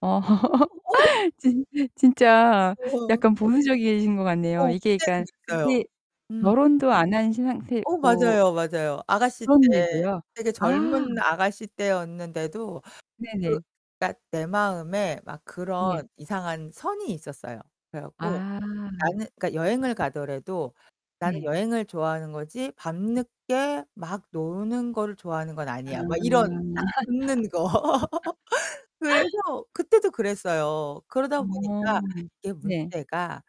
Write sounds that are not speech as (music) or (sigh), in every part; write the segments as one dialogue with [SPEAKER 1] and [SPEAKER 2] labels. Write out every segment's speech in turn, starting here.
[SPEAKER 1] 어
[SPEAKER 2] (laughs)
[SPEAKER 1] 진 진짜
[SPEAKER 2] 어어.
[SPEAKER 1] 약간 보수적이신 것 같네요.
[SPEAKER 2] 어.
[SPEAKER 1] 이게
[SPEAKER 2] 그때는
[SPEAKER 1] 그러니깐
[SPEAKER 2] 그랬어요.
[SPEAKER 1] 근데
[SPEAKER 2] 음.
[SPEAKER 1] 결혼도 안 하신
[SPEAKER 2] 어
[SPEAKER 1] 상태고
[SPEAKER 2] 맞아요, 맞아요. 아가씨 때,
[SPEAKER 1] 그런데도요?
[SPEAKER 2] 되게
[SPEAKER 1] 아.
[SPEAKER 2] 젊은 아가씨 때였는데도
[SPEAKER 1] 네네.
[SPEAKER 2] 그러니까 내 마음에 막
[SPEAKER 1] 네.
[SPEAKER 2] 그런 이상한 선이 있었어요. 그래 갖고
[SPEAKER 1] 아.
[SPEAKER 2] 나는 그러니까 여행을 가더라도 '나는
[SPEAKER 1] 네.
[SPEAKER 2] 여행을 좋아하는 거지 밤늦게 막 노는 거를 좋아하는 건 아니야.' 막 이런
[SPEAKER 1] 음.
[SPEAKER 2] 딱 긋는 거. (laughs) 그래서
[SPEAKER 1] (laughs)
[SPEAKER 2] 그때도 그랬어요. 그러다
[SPEAKER 1] 어
[SPEAKER 2] 보니까 이게
[SPEAKER 1] 네.
[SPEAKER 2] 문제가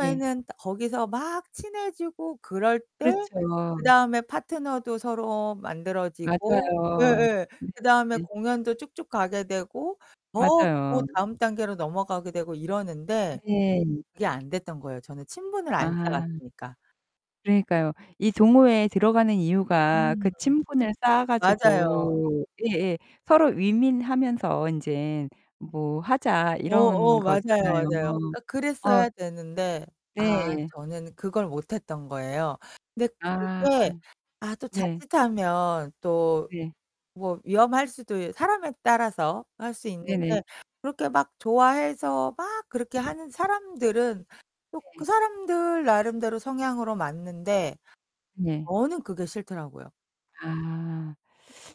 [SPEAKER 1] 예.
[SPEAKER 2] 거기서 막 친해지고 그럴 때
[SPEAKER 1] 그렇죠.
[SPEAKER 2] 그다음에 파트너도 서로 만들어지고
[SPEAKER 1] 맞아요.
[SPEAKER 2] 예예.
[SPEAKER 1] 네네.
[SPEAKER 2] 그다음에 공연도 쭉쭉 가게 되고 더, 더
[SPEAKER 1] 맞아요.
[SPEAKER 2] 다음 단계로 넘어가게 되고 이러는데
[SPEAKER 1] 네.
[SPEAKER 2] 그게 안 됐던 거예요, 저는 친분을 안
[SPEAKER 1] 아.
[SPEAKER 2] 쌓았으니까.
[SPEAKER 1] 그러니까요. 이 동호회에 들어가는 이유가
[SPEAKER 2] 음.
[SPEAKER 1] 그 '친분을 쌓아
[SPEAKER 2] 맞아요.
[SPEAKER 1] 가지고 예예. 서로 윈윈하면서 인제 뭐 하자.'
[SPEAKER 2] 어 어
[SPEAKER 1] 이런
[SPEAKER 2] 맞아요, 맞아요.
[SPEAKER 1] 거잖아요.
[SPEAKER 2] 그러니까
[SPEAKER 1] 어
[SPEAKER 2] 그랬어야 되는데 아
[SPEAKER 1] 네.
[SPEAKER 2] 저는 그걸 못했던 거예요. 근데
[SPEAKER 1] 아.
[SPEAKER 2] 그게 아 또
[SPEAKER 1] 네.
[SPEAKER 2] 자칫하면 또
[SPEAKER 1] 네.
[SPEAKER 2] 뭐 위험할 수도 있 사람에 따라서 할 수 있는
[SPEAKER 1] 네네.
[SPEAKER 2] 게 그렇게 막 좋아해서 막 그렇게 하는 사람들은 또 그
[SPEAKER 1] 네.
[SPEAKER 2] 사람들 나름대로 성향으로 맞는데
[SPEAKER 1] 네.
[SPEAKER 2] 저는 그게 싫더라고요.
[SPEAKER 1] 아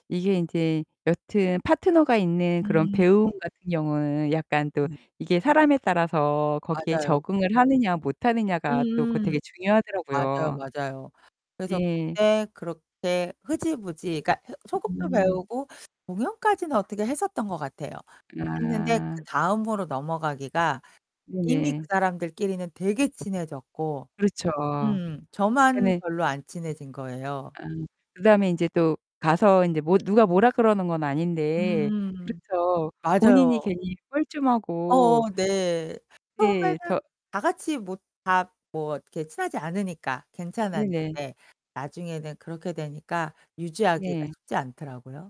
[SPEAKER 1] 이게 인제 여튼 파트너가 있는 그런
[SPEAKER 2] 음
[SPEAKER 1] 배움 같은 경우는 약간 또
[SPEAKER 2] 그니까.
[SPEAKER 1] 이게 사람에 따라서 거기에
[SPEAKER 2] 맞아요.
[SPEAKER 1] 적응을 하느냐 못 하느냐가 또 그
[SPEAKER 2] 음음.
[SPEAKER 1] 되게
[SPEAKER 2] 맞아요,
[SPEAKER 1] 중요하더라고요.
[SPEAKER 2] 맞아요. 그래서
[SPEAKER 1] 예.
[SPEAKER 2] 그때 그렇게 흐지부지 그러니까 흐 소극도
[SPEAKER 1] 음.
[SPEAKER 2] 배우고 공연까지는 어떻게 했었던 것 같아요. 했는데
[SPEAKER 1] 아.
[SPEAKER 2] 그다음으로 넘어가기가 이미 그
[SPEAKER 1] 네.
[SPEAKER 2] 사람들끼리는 되게 친해졌고.
[SPEAKER 1] 그렇죠.
[SPEAKER 2] 음. 저만
[SPEAKER 1] 네네.
[SPEAKER 2] 별로 안 친해진 거예요.
[SPEAKER 1] 아 그다음에 인제 또 가서 인제 뭐 누가 뭐라 그러는 건 아닌데
[SPEAKER 2] 음.
[SPEAKER 1] 그렇죠. 본인이
[SPEAKER 2] 맞아요.
[SPEAKER 1] 괜히 뻘쭘하고
[SPEAKER 2] 어어 네.
[SPEAKER 1] 네. 저
[SPEAKER 2] 처음에는 다같이 뭐 다 뭐 이렇게 친하지 않으니까
[SPEAKER 1] 네네.
[SPEAKER 2] 괜찮았는데 나중에는 그렇게 되니까 유지하기가
[SPEAKER 1] 네.
[SPEAKER 2] 쉽지 않더라고요.